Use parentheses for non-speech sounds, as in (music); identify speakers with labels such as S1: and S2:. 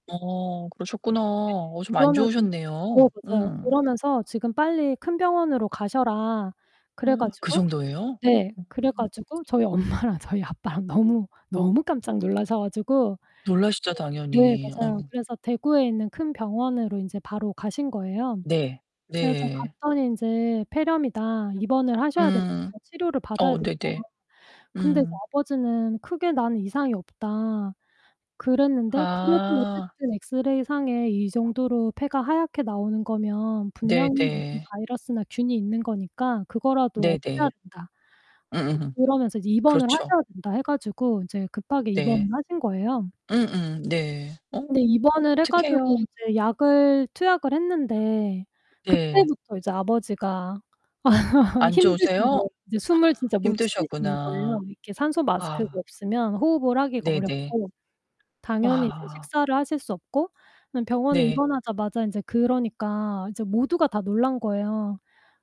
S1: 어 그러셨구나.
S2: 네
S1: 어 좀 안
S2: 그러면서 네
S1: 좋으셨네요.
S2: 맞아요.
S1: 음.
S2: 그러면서 지금 빨리 큰 병원으로 가셔라. 그래
S1: (gasps) 그
S2: 가지고
S1: 정도예요?
S2: 네 그래
S1: 으음.
S2: 가지고 저희 엄마랑 저희 아빠랑 너무, 너무 깜짝 놀라셔 가지고
S1: 놀라시죠
S2: (unintelligible) 네
S1: 당연히.
S2: 맞아요.
S1: 어.
S2: 그래서 대구에 있는 큰 병원으로 인제 바로 가신 거예요.
S1: 네.
S2: 그래서
S1: 네.
S2: 갔더니 인제 폐렴이다. 입원을 하셔야
S1: 음.
S2: 된다고 치료를 받아야
S1: 어
S2: 된다고.
S1: 네네.
S2: 근데 이제
S1: 음.
S2: 아버지는 크게 난 이상이 없다. 그랬는데 그래도
S1: 아.
S2: 어쨌든 엑스레이상에 이 정도로 폐가 하얗게 나오는 거면
S1: 네
S2: 분명히 무슨
S1: 네.
S2: 바이러스나 균이 있는 거니까 그거라도 없애야
S1: 네네.
S2: 된다. (unintelligible)
S1: 음음음.
S2: 그러면서 이제 입원을
S1: 그렇죠.
S2: 하셔야 된다 해 가지고 이제 급하게 입원을
S1: 네.
S2: 하신 거예요.
S1: 음음 네. 어
S2: 근데 입원을 해
S1: 어떡해요.
S2: 가지고 이제 약을 투약을 했는데
S1: (unintelligible) 예.
S2: 그때부터 이제 아버지가 (laughs)
S1: 안
S2: 힘드신
S1: 좋으세요?
S2: 거예요. 이제 숨을 진짜 못 쉬시는 거예요.
S1: 힘드셨구나.
S2: 이렇게 산소마스크가
S1: 아.
S2: 없으면 호흡을 하기가
S1: 네 네.
S2: 어렵고 당연히 이제
S1: 아.
S2: 식사를 하실 수 없고 그냥 병원에
S1: 네.
S2: 입원하자마자 인제 그러니까 이제 모두가 다 놀란 거예요.